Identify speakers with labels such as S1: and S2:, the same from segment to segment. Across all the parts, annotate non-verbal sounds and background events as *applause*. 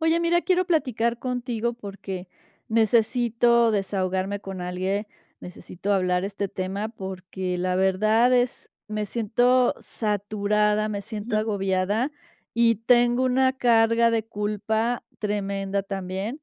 S1: Oye, mira, quiero platicar contigo porque necesito desahogarme con alguien, necesito hablar este tema porque la verdad es me siento saturada, me siento
S2: Ajá.
S1: agobiada, y tengo una carga de culpa tremenda también.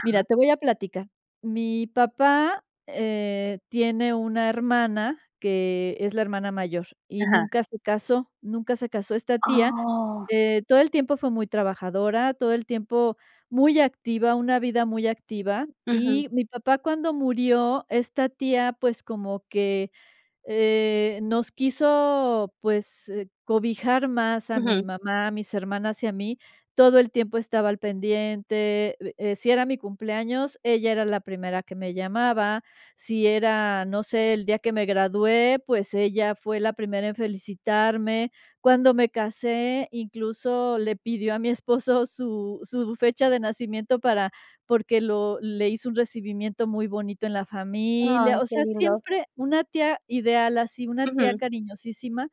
S1: Mira, te voy a platicar. Mi papá, eh, tiene una hermana que es la hermana mayor, y
S2: Ajá.
S1: nunca se casó, nunca se casó esta tía.
S2: ¡Oh!
S1: Eh, todo el tiempo fue muy trabajadora, todo el tiempo muy activa, una vida muy activa,
S2: Ujú.
S1: y mi papá cuando murió, esta tía, pues, como que, eh, nos quiso, pues, cobijar más a mi
S2: Ujú.
S1: mamá, a mis hermanas y a mí, todo el tiempo estaba al pendiente, uh, eh, si era mi cumpleaños, ella era la primera que me llamaba, si era, no sé, el día que me gradué, pues, ella fue la primera en felicitarme. Cuando me casé, incluso le pidió a mi esposo su su fecha de nacimiento para porque lo le hizo un recibimiento muy bonito en la familia.
S2: Ay,
S1: O
S2: qué
S1: sea,
S2: lindo.
S1: siempre una tía ideal así, una tía
S2: Ujú.
S1: cariñosísima,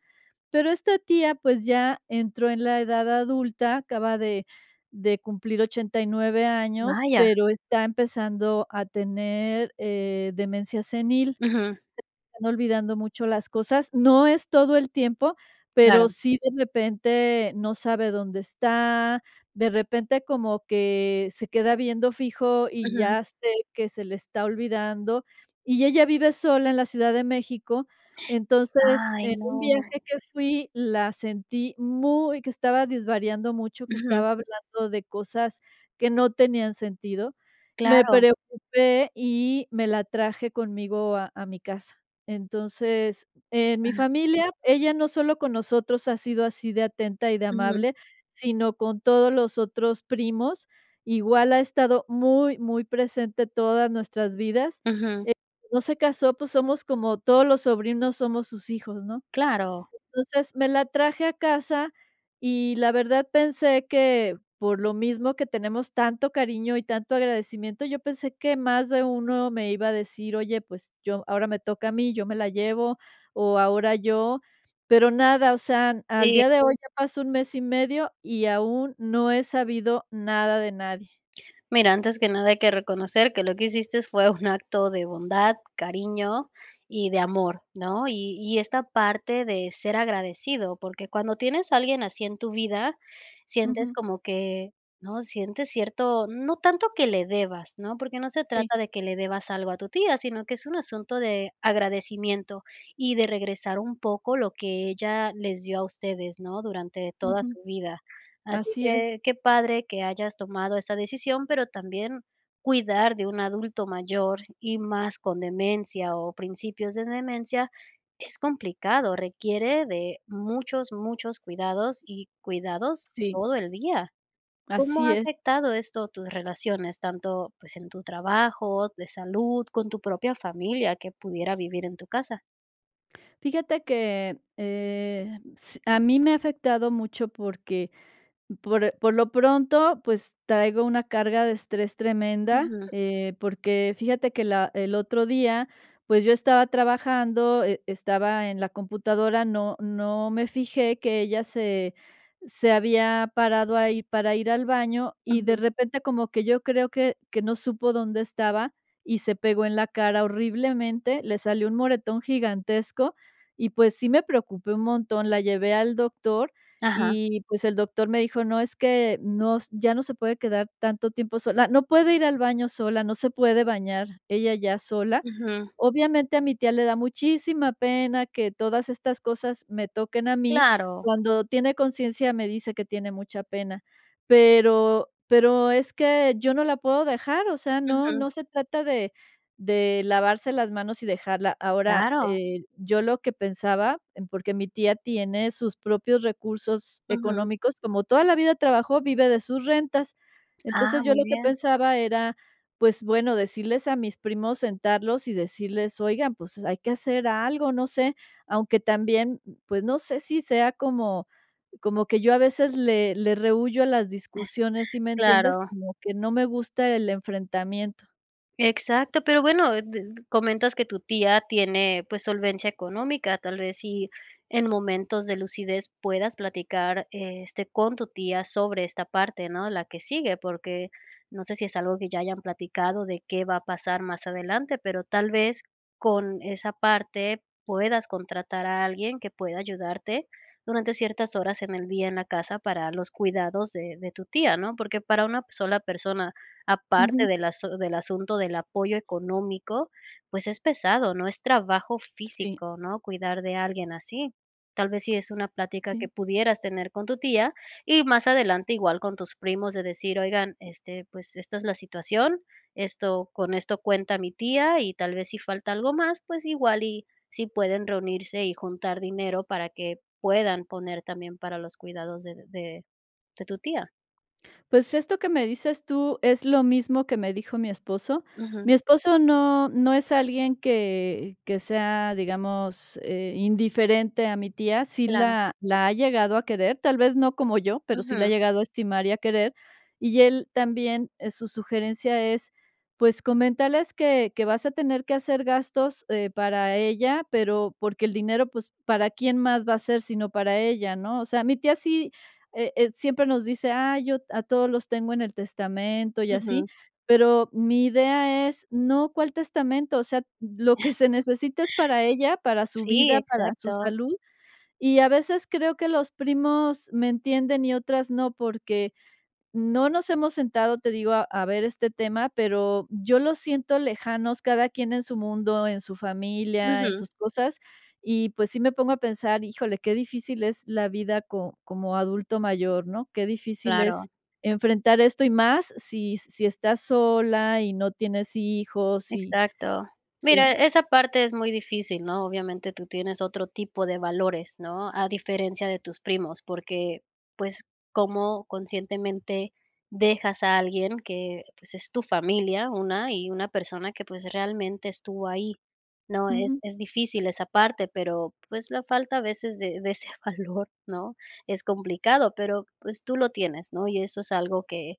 S1: pero esta tía, pues, ya entró en la edad adulta, acaba de de cumplir 89 años,
S2: ¡Vaya!
S1: pero está empezando a tener, eh, demencia senil.
S2: Ujú.
S1: Se le están olvidando mucho las cosas. No es todo el tiempo, pero
S2: Claro.
S1: sí, de repente no sabe dónde está, de repente, como que se queda viendo fijo, y
S2: Ujú.
S1: ya sé que se le está olvidando, y ella vive sola en la Ciudad de México. Entonces,
S2: ¡Ay,
S1: en un
S2: no!
S1: viaje que fui la sentí muy que estaba desvariando mucho, que
S2: Ujú.
S1: estaba hablando de cosas que no tenían sentido. Me
S2: Claro.
S1: preocupé y me la traje conmigo a a mi casa. Entonces, en mi
S2: Ah.
S1: familia, ella no solo con nosotros ha sido así de atenta y de
S2: Ujú.
S1: amable, sino con todos los otros primos. Igual ha estado muy, muy presente todas nuestras vidas.
S2: Ujú.
S1: Eh, no se casó, pues, somos como todos los sobrinos, somos sus hijos, ¿no?
S2: Claro.
S1: Entonces, me la traje a casa y la verdad pensé que, por lo mismo que tenemos tanto cariño y tanto agradecimiento, yo pensé que más de uno me iba a decir: "Oye, pues, yo ahora me toca a mí, yo me la llevo, o ahora yo", pero nada, o sea, al
S2: Sí.
S1: día de hoy ya pasó un mes y medio y aún no he sabido nada de nadie.
S2: Mira, antes que nada hay que reconocer que lo que hiciste fue un acto de bondad, cariño y de amor, ¿no?, y y esta parte de ser agradecido, porque cuando tienes a alguien así en tu vida, sientes
S1: Ujú.
S2: como que ¿no?, sientes cierto, no tanto que le debas, ¿no?, porque no se
S1: Sí.
S2: trata de que le debas algo a tu tía, sino que es un asunto de agradecimiento y de regresar un poco lo que ella les dio a ustedes, ¿no?, durante toda
S1: Ujú.
S2: su vida. Así
S1: Así es.
S2: que, qué padre que hayas tomado esa decisión, pero también, cuidar de un adulto mayor, y más con demencia, o principios de demencia, es complicado, requiere de muchos, muchos cuidados y cuidados
S1: Sí.
S2: todo el día, ¿cómo ha
S1: Así es.
S2: afectado esto tus relaciones, tanto pues, en tu trabajo, de salud, con tu propia familia que pudiera vivir en tu casa?
S1: Fíjate que, eh, s a mí me ha afectado mucho porque por eh, por lo pronto, pues, traigo una carga de estrés tremenda,
S2: Ujú.
S1: eh, porque fíjate que la el otro día, pues, yo estaba trabajando, e estaba en la computadora, no no me fijé que ella se se había parado ahí para ir al baño y, de
S2: Ujú.
S1: repente, como que yo creo que que no supo dónde estaba y se pegó en la cara horriblemente, le salió un moretón gigantesco y, pues, sí me preocupé un montón. La llevé al doctor
S2: Ajá.
S1: y, pues, el doctor me dijo: "No es que, no ya no se puede quedar tanto tiempo sola". No puede ir al baño sola, no se puede bañar ella ya sola.
S2: Ujú.
S1: Obviamente, a mi tía le da muchísima pena que todas estas cosas me toquen a mí.
S2: ¡Claro!
S1: Cuando tiene conciencia, me dice que tiene mucha pena, pero pero, es que yo no la puedo dejar, o sea, no
S2: Ujú.
S1: no se trata de de lavarse las manos y dejarla. Ahora,
S2: Claro.
S1: eh, yo lo que pensaba, en porque mi tía tiene sus propios recursos
S2: Ujú.
S1: económicos, como toda la vida trabajó, vive de sus rentas.
S2: Ah,
S1: Entonces, yo
S2: muy
S1: lo que
S2: bien.
S1: pensaba era, pues, bueno, decirles a mis primos, sentarlos y decirles: "Oigan, pues, hay que hacer algo, no sé". Aunque también, pues, no sé si sea, como como que yo a veces le le rehúyo a las discusiones, ¿sí
S2: *giggles*
S1: me entiendes?,
S2: Claro.
S1: como que no me gusta el enfrentamiento.
S2: Exacto, pero bueno, eh, de comentas que tu tía tiene, pues, solvencia económica, tal vez y, en momentos de lucidez puedas platicar, este, con tu tía sobre esta parte, ¿no?, la que sigue, porque no sé si es algo que ya hayan platicado de qué va a pasar más adelante, pero tal vez, con esa parte puedas contratar a alguien que pueda ayudarte, durante ciertas horas en el día, en la casa, para los cuidados de de tu tía ¿no?, porque para una sola persona, aparte
S1: Ujú.
S2: del asu del asunto del apoyo económico, pues, es pesado, ¿no?, es trabajo
S1: Sí.
S2: físico, ¿no?, cuidar de alguien así. Tal vez, si es una plática que
S1: Sí.
S2: pudieras tener con tu tía, y más adelante igual con tus primos, de decir: "Oigan, este, pues, esta es la situación, esto con esto cuenta mi tía" y tal vez, si falta algo más, pues, igual y si pueden reunirse y juntar dinero para que puedan poner también, para los cuidados de de de tu tía.
S1: Pues, esto que me dices tú, es lo mismo que me dijo mi esposo. Mi
S2: Ujú.
S1: esposo no no es alguien que que sea, digamos, eh, indiferente a mi tía, sí
S2: Claro.
S1: la la ha llegado a querer, tal vez, no como yo, pero sí la ha
S2: Ujú.
S1: llegado a estimar y a querer, y él también, eh, su sugerencia es, pues, comentarles que que vas a tener que hacer gastos, eh, para ella, pero, porque el dinero, pues, para quién más va a ser, sino para ella, ¿no?, o sea, mi tía sí, eh, eh, siempre nos dice: "Ay, yo a todos los tengo en el testamento", y así,
S2: Ujú.
S1: pero, mi idea es no cuál testamento, o sea, lo que
S2: *giggles*
S1: se necesita es para ella, para su
S2: Sí,
S1: vida, para su
S2: exacto.
S1: salud, y a veces creo que los primos me entienden y otras no, porque no nos hemos sentado, te digo, a ver este tema, pero, yo los siento lejanos cada quien en su mundo, en su familia, en
S2: Ujú.
S1: sus cosas, y pues, sí me pongo a pensar híjole qué difícil es la vida co como adulto mayor, ¿no?, qué difícil
S2: Claro.
S1: es enfrentar esto y más si si estás sola y no tienes hijos y
S2: Exacto. Mira,
S1: sí.
S2: esa parte es muy difícil, ¿no?, obviamente, tú tienes otro tipo de valores, ¿no?, a diferencia de tus primos, porque, pues, cómo conscientemente dejas a alguien que, pues, es tu familia, una y una persona que, pues, realmente estuvo ahí, ¿no?, es
S1: Ujú.
S2: es difícil esa parte, pero, pues, la falta a veces de de ese valor, ¿no?, es complicado, pero, pues, tú lo tienes, ¿no?, y eso es algo que,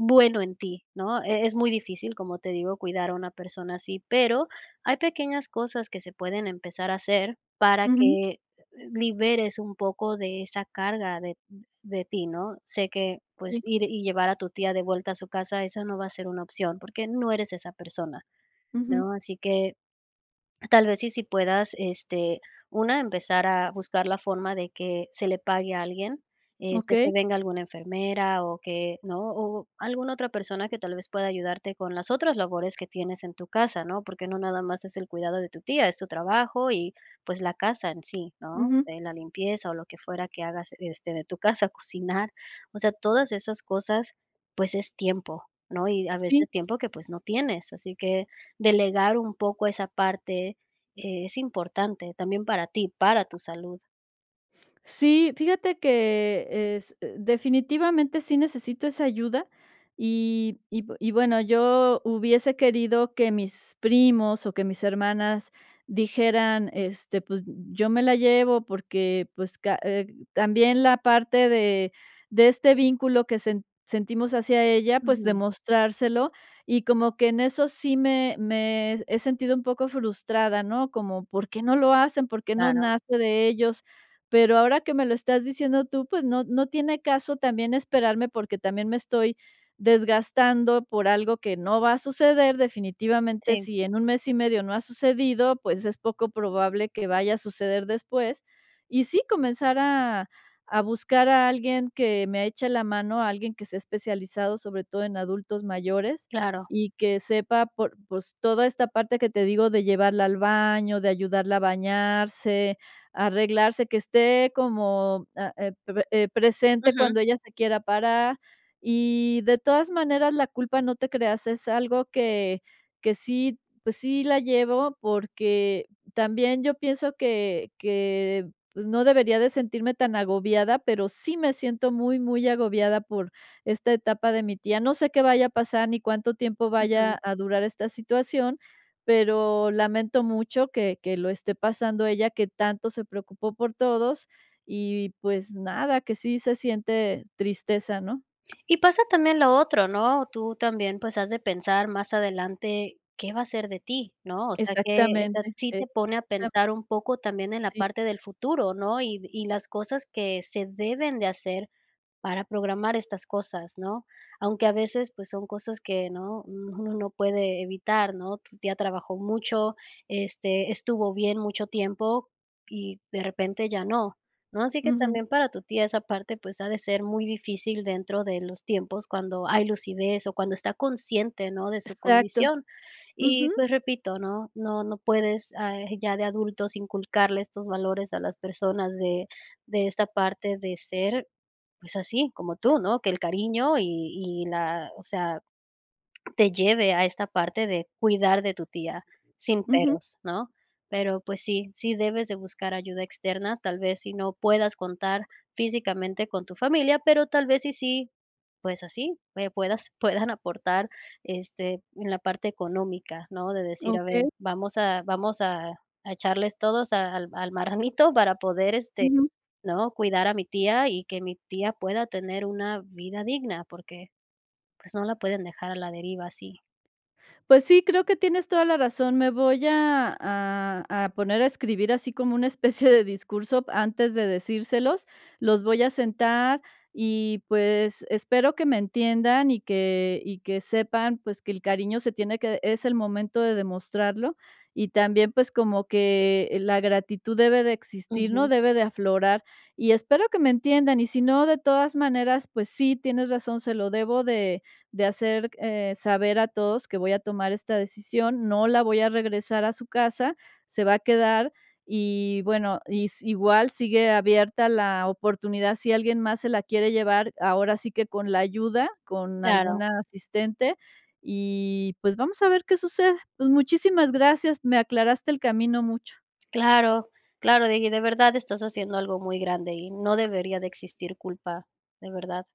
S2: bueno en ti, ¿no?, e es muy difícil, como te digo, cuidar a una persona así, pero, hay pequeñas cosas que se pueden empezar a hacer para
S1: Ujú.
S2: que, liberes un poco de esa carga de de ti, ¿no?, sé que, pues,
S1: Sí.
S2: ir y llevar a tu tía de vuelta a su casa, esa no va a ser una opción, porque no eres esa persona,
S1: Ujú.
S2: ¿no?, así que tal vez, sí, sí puedas, este, una, empezar a buscar la forma de que se le pague a alguien, eh, sé que
S1: Okey.
S2: venga alguna enfermera o que, ¿no?, o alguna otra persona que tal vez, pueda ayudarte con las otras labores que tienes en tu casa, ¿no?, porque no nada más es el cuidado de tu tía, es tu trabajo y, pues, la casa en sí, ¿no?,
S1: Ujú.
S2: en la limpieza o lo que fuera que hagas, este, de tu casa, cocinar. O sea, todas esas cosas, pues, es tiempo, ¿no?, y a veces
S1: Sí.
S2: tiempo que, pues, no tienes. Así que delegar un poco esa parte es importante también para ti, para tu salud.
S1: Sí, fíjate que es definitivamente sí necesito esa ayuda, y y bueno, yo hubiese querido que mis primos, o que mis hermanas dijeran, este: "Pues, yo me la llevo porque, pues, ca eh, también la parte de de este vínculo que sen sentimos hacia ella", pues,
S2: Ujú.
S1: demostrárselo, y como que en eso sí me me he sentido un poco frustrada, ¿no?, como: "¿Por qué no lo hacen? ¿Por qué no
S2: Claro.
S1: nace de ellos?". Pero ahora que me lo estás diciendo tú, pues, no no tiene caso también esperarme porque también me estoy desgastando por algo que no va a suceder, definitivamente,
S2: Sí.
S1: si en un mes y medio no ha sucedido, pues, es poco probable que vaya a suceder después. Y sí, comenzar a a buscar a alguien que me eche la mano, alguien que sea especializado, sobre todo en adultos mayores,
S2: Claro.
S1: y que sepa por pues, toda esta parte que te digo de llevarla al baño, de ayudarla a bañarse, arreglarse que esté como ah, eh, pe pe, eh, presente
S2: Ujú.
S1: cuando ella se quiera parar. Y de todas maneras, la culpa no te creas, es algo que que sí, pues sí, la llevo porque también yo pienso que que, pues, no debería de sentirme tan agobiada, pero, sí me siento muy, muy agobiada por esta etapa de mi tía. No sé qué vaya a pasar, ni cuánto tiempo
S2: Ujú.
S1: vaya a durar esta situación, pero, lamento mucho que que lo esté pasando ella, que tanto se preocupó por todos, y pues nada, que sí se siente tristeza, ¿no?
S2: Y pasa también lo otro, ¿no?, tú también, pues, has de pensar más adelante, ¿qué va a ser de ti?, ¿no?, o sea, que
S1: Exactamente,
S2: esa sí te pone a pensar
S1: exactamente.
S2: un poco también en la
S1: Sí.
S2: parte del futuro, ¿no?, y y las cosas que se deben de hacer para programar estas cosas, ¿no? Aunque a veces, pues, son cosas que, ¿no?, uno no puede evitar, ¿no?, tu tía trabajó mucho, este, estuvo bien mucho tiempo, y de repente ya no, ¿no?, así que
S1: Ujú.
S2: también para tu tía esa parte, pues, ha de ser muy difícil dentro de los tiempos cuando hay lucidez, o cuando está consciente, ¿no?, de su
S1: Exacto.
S2: condición. Y,
S1: Ujú.
S2: pues, repito, ¿no?, no no puedes, ah, ya de adultos inculcarle estos valores a las personas de de esta parte de ser, pues así, como tú, ¿no?, que el cariño y y la o sea, te lleve a esta parte de cuidar de tu tía, sin
S1: Ujú.
S2: peros, ¿no?, pero, pues sí, sí debes de buscar ayuda externa, tal vez si no puedas contar físicamente con tu familia, pero, tal vez si, sí, pues así, pupuedas *giggles* puedan aportar, este, en la parte económica, ¿no?, de decir: "A ver,
S1: Okey.
S2: vamos a vamos a a echarles todos a al al marranito para poder, este,
S1: Ujú.
S2: ¿no?, cuidar a mi tía, y que mi tía pueda tener una vida digna", porque, pues, no la pueden dejar a la deriva así.
S1: Pues sí, creo que tienes toda la razón, me voy a a a poner a escribir así como una especie de discurso antes de decírselos, los voy a sentar, y pues, espero que me entiendan y que y que sepan, pues, que el cariño se tiene que es el momento de demostrarlo, y también, pues, como que la gratitud debe de existir, ¿no?,
S2: Ujú.
S1: debe de aflorar. Y espero que me entiendan, y si no, de todas maneras, pues sí, tienes razón, se lo debo de de hacer, c eh, saber a todos que voy a tomar esta decisión, no la voy a regresar a su casa, se va a quedar, y bueno, y si igual sigue abierta la oportunidad si alguien más se la quiere llevar, ahora sí que con la ayuda, con algún
S2: Claro.
S1: asistente, y pues, vamos a ver qué sucede. Pues, muchísimas gracias, me aclaraste el camino mucho.
S2: Claro, claro Digui, de verdad estás haciendo algo muy grande, y no debería de existir culpa, de verdad.